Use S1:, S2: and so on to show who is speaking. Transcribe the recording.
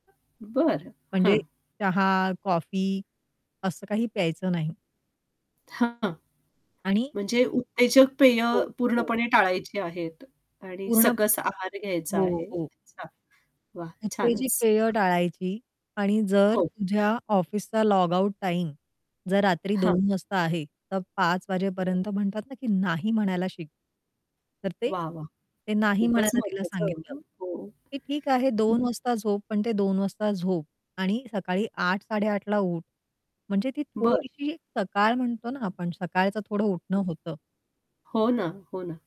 S1: बरं.
S2: म्हणजे
S1: हं.
S2: चहा, कॉफी असं काही प्यायचं नाही.
S1: हां.
S2: आणि
S1: म्हणजे उत्तेजक पेय
S2: हो, हो.
S1: पूर्णपणे टाळायची आहेत आणि
S2: पूर्ण
S1: सकस आहार घ्यायचा आहे.
S2: हो, हो.
S1: अच्छा. वाह!
S2: उत्तेजक
S1: छानच.
S2: पेय
S1: हां.
S2: टाळायची आणि जर
S1: हो.
S2: तुझ्या ऑफिसचा लॉगआउट टाईम जर रात्री
S1: हां.
S2: 2:00 वाजता आहे, तर 5:00
S1: बरोबर.
S2: वाजेपर्यंत म्हणतात ना की नाही म्हणायला शिक. तर ते
S1: वाह! वाह!
S2: ते नाही
S1: खूपच
S2: म्हणायला तिला
S1: महत्वाचं आहे
S2: सांगितलं.
S1: हां. हो.
S2: की, "ठीक आहे
S1: हं.
S2: 2:00 वाजता झोप पण ते 2:00 वाजता झोप आणि सकाळी 8:00-8:30 ला उठ, म्हणजे ती
S1: बरं.
S2: थोडीशी सकाळ म्हणतो ना आपण सकाळचं थोडं
S1: हां.
S2: उठणं होतं."
S1: हो ना, हो ना.